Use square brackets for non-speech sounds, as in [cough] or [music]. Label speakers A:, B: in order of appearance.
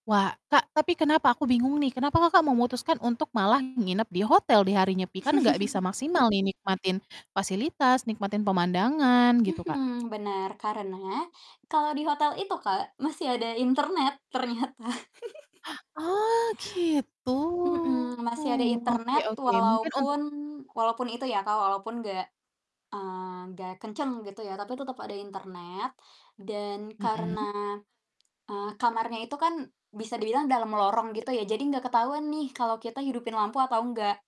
A: Wa Kak, tapi kenapa aku bingung nih kenapa, Kakak, memutuskan untuk malah nginep di hotel di Hari Nyepi, kan nggak bisa
B: [chuckles]
A: maksimal nih nikmatin fasilitas nikmatin pemandangan gitu, Kak?
B: Mhm, benar, karena kalau di hotel itu, Kak, masih ada internet ternyata. [laughs]
A: Ah, gitu,
B: Mhm, masih ada
A: oke
B: internet
A: oke mungkin untuk
B: walaupun walaupun itu ya, Kak, walaupun gak mmm, gak kenceng gitu ya, tapi tetep ada internet dan karena,
A: Mhm.
B: eee, kamarnya itu kan bisa dibilang dalam lorong gitu ya, jadi gak ketahuan nih kalau kita hidupin lampu atau enggak.